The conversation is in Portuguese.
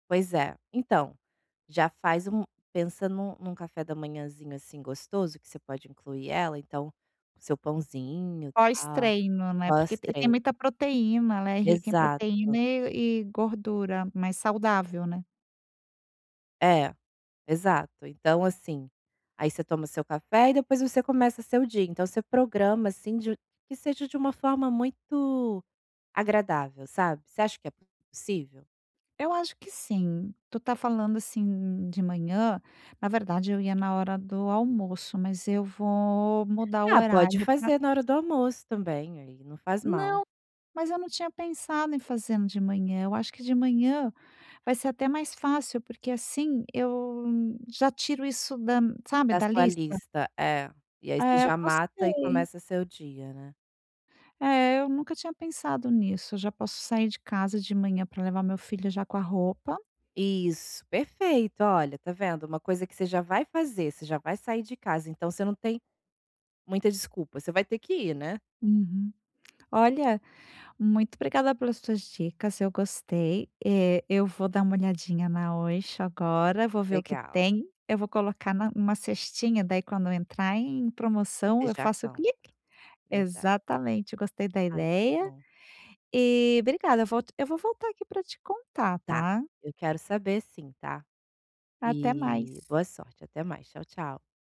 Pois é. Então, já faz um pensa num num café da manhãzinho, assim, gostoso que você pode incluir ela, então o seu pãozinho, tal, Pós-treino, né, porque pós e tem treino. muita proteína, ela é rica em proteína Exato. e e gordura mais saudável, né. É, exato. Então assim, aí você toma o seu café e depois você começa seu dia. Então você programa, assim, de que seja de uma forma muito agradável, sabe. Você acha que é possível? Eu acho que sim. Tu tá falando, assim, de manhã. Na verdade eu ia na hora do almoço, mas eu vou mudar o Ah, pode horário pra fazer na hora do almoço também, aí, não faz mal. Não, mas eu não tinha pensado em fazendo de manhã, eu acho que de manhã vai ser até mais fácil, porque assim eu já tiro isso da, sabe, Da da sua lista. lista, é. E aí você É, já mata e gostei. começa seu dia, né. É, eu nunca tinha pensado nisso. Eu já posso sair de casa de manhã pra levar meu filho já com a roupa Isso, perfeito. Olha, tá vendo, uma coisa que você já vai fazer, você já vai sair de casa, então você não tem muita desculpa, você vai ter que ir, né. Uhum. Olha, muito obrigada pelas tuas dicas, eu gostei. Eh, eu vou dar uma olhadinha na Oysho agora, vou ver o que Legal. tem. Eu vou colocar na uma cestinha, daí quando entrar em promoção, eu Deixar faço pronto. click. verda Exatamente. Gostei da Ai, que ideia bom. e obrigada, eu volto eu vou voltar aqui pra te contar, Tá, tá. eu quero saber sim, tá. Até E mais. boa sorte. Até mais, tchau, tchau.